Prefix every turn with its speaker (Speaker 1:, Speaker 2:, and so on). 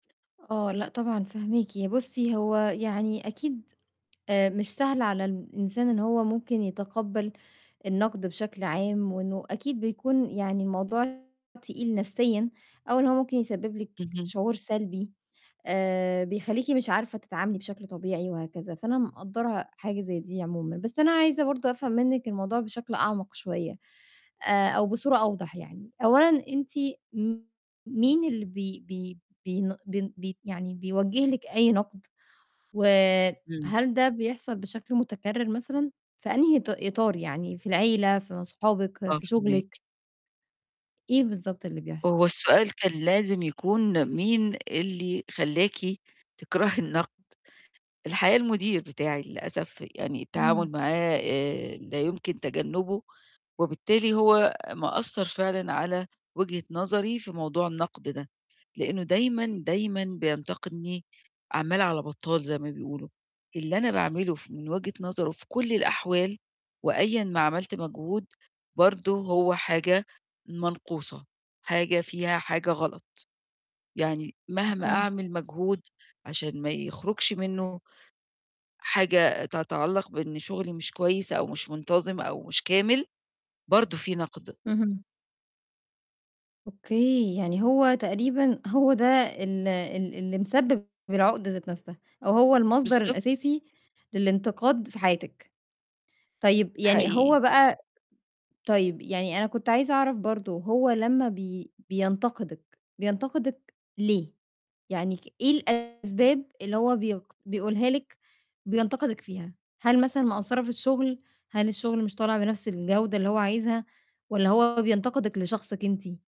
Speaker 1: آه، لأ، طبعًا فاهماكِ، ي بُصّي، هو يعني أكيد آآ مش سهل على الإنسان إن هو ممكن يتقبّل النَقد بشكل عام، وإنه أكيد بيكون يعني الموضوع تقيل نَفْسيًا أو إن هو ممكن يسبّب لِك
Speaker 2: اهم.
Speaker 1: شعور سلبي آآ، بيخلّيكِ مش عارفة تتعاملي بشكل طبيعي وهكذا، فأنا مُقدّرة حاجة زي دي عمومًا، بس أنا عايزة برضه أفهم منِّك الموضوع بشكل أعمق شوية آآ، أو بصورة أوضح يعني، أولًا أنتِ م مين اللي بي بي بين بن بي يعني بيوجّه لِك أي نَقد؟
Speaker 2: إمم.
Speaker 1: وهل ده بيحصل بشكل متكرّر مثلًا؟ في أنهي ط إطار يعني في العيلة، في أصحابِك،
Speaker 2: آه،
Speaker 1: في
Speaker 2: فاهماكِ.
Speaker 1: شُغلِك؟ إيه بالضبط اللي بيحصل؟
Speaker 2: هو السؤال كان لازم يكون مين اللي خلّاكِ تكرهي النَقد، الحقيقة المدير بتاعي للأسف يعني
Speaker 1: إمم.
Speaker 2: التعامل معاه آآ، لا يمكن تجنّبه، وبالتالي هو مأثّر فعلًا على وجهة نظري في موضوع النَقد ده، لإنه دايمًا، دايمًا بينتقدني عَمّال على بطّال زي ما بيقولوا، اللي أنا باعمله ف من وجهة نظره في كل الأحوال وأيًا ما عملت مجهود برضه هو حاجة منقوصة، حاجة فيها حاجة غلط، يعني مهما
Speaker 1: أوكي.
Speaker 2: أعمل مجهود عشان ما يخرُجش منّه حاجة تتعلّق بإن شُغلي مش كويس، أو مش منتظِم أو مش كامل، برضه في نَقد.
Speaker 1: اهم. أوكي. يعني هو تقريبًا هو ده ال ال اللي مسبِّب العقدة ذات نَفْسها أو هو المصدر
Speaker 2: بالضبط.
Speaker 1: الأساسي للإنتقاد في حياتِك. طيب يعني
Speaker 2: حقيقي.
Speaker 1: هو بقى طيب يعني أنا كنت عايزة أعرف برضه، هو لمّا بي بينتقدِك، بينتقدِك ليه؟ يعني ك إيه الأسباب اللي هو بيقد بيقولها لِك بينتقدِك فيها، هل مثلًا مقصّرة في الشُغل، هل الشُغل مش طالع بنَفْس الجودة اللي هو عايزها؟ والَّا هو بينتقدِك لشخصِك أنتِ؟